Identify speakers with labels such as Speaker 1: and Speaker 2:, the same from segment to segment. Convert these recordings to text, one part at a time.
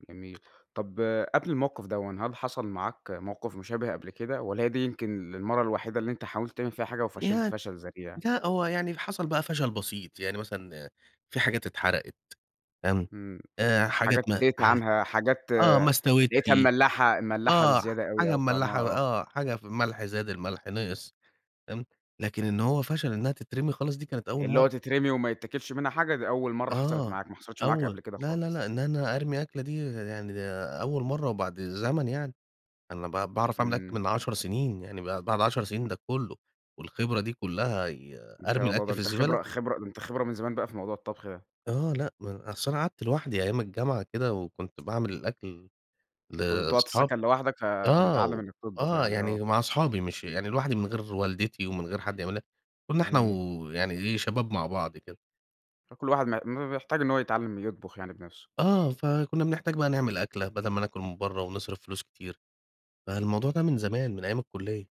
Speaker 1: جميل، طب قبل الموقف دوًّا هل حصل معاك موقف مشابه قبل كده، والَّا هي دي يمكن المرة الوحيدة اللي أنت حاولت تعمل فيها حاجة وفشلت
Speaker 2: يعن
Speaker 1: فشل ذريع؟
Speaker 2: لأ، هو يعني حصل بقى فشل بسيط يعني مثلًا في حاجات اتحرقت فاهم،
Speaker 1: امم،
Speaker 2: آآ، حاجات
Speaker 1: حاجات
Speaker 2: ما
Speaker 1: سِهِيت
Speaker 2: حاج
Speaker 1: عنها حاجات
Speaker 2: آه، ما استوتش،
Speaker 1: لقيتها مملّحة، مملّحة
Speaker 2: آه، ح
Speaker 1: بزيادة أوي،
Speaker 2: حاجة
Speaker 1: أو طعمها
Speaker 2: مملّحة
Speaker 1: آه.
Speaker 2: آه، حاجة ف ملح زاد، الملح نِقِص تمام، لكن إن هو فشل إنها تترمي خالص دي كانت أول
Speaker 1: اللي هو
Speaker 2: مرّه.
Speaker 1: تترمي وما يتاكلش منها حاجة، دي أول مرة حصلت
Speaker 2: آه،
Speaker 1: معاك، ما حصلتش معاك قبل
Speaker 2: أول
Speaker 1: كده
Speaker 2: لا، لا،
Speaker 1: خالص؟
Speaker 2: لأ إن أنا أرمي أكلة دي يعني أول مرّه، وبعد زمن يعني أنا ب باعرف أعمل أكل
Speaker 1: إمم.
Speaker 2: من 10 سنين، يعني بعد بعد 10 سنين ده كُلُّه، والخبرة دي كُلَّها ي
Speaker 1: ما
Speaker 2: أرمي
Speaker 1: شاء الله، ده
Speaker 2: الأكل في
Speaker 1: أنت
Speaker 2: الزبالة؟
Speaker 1: خبرة خبرة ده أنت خبرة من زمان بقى في موضوع الطبخ ده.
Speaker 2: آه، لأ ما أنا أصل أنا قعدت لوحدي أيام الجامعة كده، وكنت باعمل الأكل
Speaker 1: كنت بتقعد في
Speaker 2: لأصحابي،
Speaker 1: السكن لوحدك ف
Speaker 2: آه
Speaker 1: فمتعلِّم
Speaker 2: و
Speaker 1: إنك تطبخ
Speaker 2: آه،
Speaker 1: يعني، آه.
Speaker 2: يعني مع أصحابي مش يعني لوحدي من غير والدتي، ومن غير حد يعملها كنا إحنا،
Speaker 1: إمم.
Speaker 2: و يعني إيه شباب مع بعض كده.
Speaker 1: كل واحد ما ما بيحتاج إن هو يتعلِّم يطبخ يعني بنفسه.
Speaker 2: آه، فكُنّا بنحتاج بقى نعمل أكلة بدل ما ناكل من برّه، ونصرف فلوس كتير، فالموضوع ده من زمان من أيام الكلية.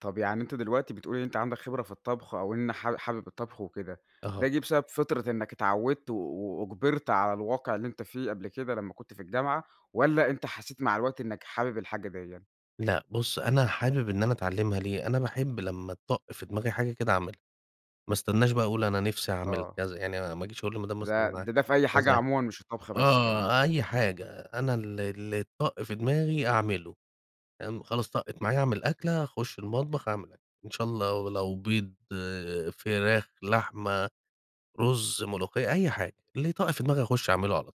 Speaker 1: طَب يعني أنت دلوقتي بتقول إن أنت عندك خبرة في الطبخ، أو إن حاب حابب الطبخ وكده، ده
Speaker 2: أها.
Speaker 1: جِه بسبب فطرة إنك اتعوّدت و وأُجبَرت على الواقع اللي أنت فيه قبل كده لمّا كنت في الجامعة، والَّا أنت حسيت مع الوقت إنك حابب الحاجة ديَّة؟
Speaker 2: لأ بُصّ، أنا حابب إن أنا أتعلِّمها ليه، أنا باحب لما تطَّق في دماغي حاجة كده أعملها، ما أستناش بقى أقول أنا نِفْسي أعمل
Speaker 1: آه.
Speaker 2: كذا، يعني ما أجيش أقول للمدام
Speaker 1: ده
Speaker 2: مثلا
Speaker 1: ده ده في أي
Speaker 2: [unintelligible]
Speaker 1: حاجة
Speaker 2: كذا،
Speaker 1: عمومًا مش الطبخ بس كمان.
Speaker 2: آه، أي حاجة أنا ال ال تطَّق في دماغي أعملُه فاهم، خلاص طقِّت معايا أعمل أكلة، أخُشّ المطبخ أعمل أكل إن شا الله لو بيض، فراخ، لحمة، رز، ملوخية، أي حاجة، اللي يطَّق في دماغي أخُشّ أعملُه على طول.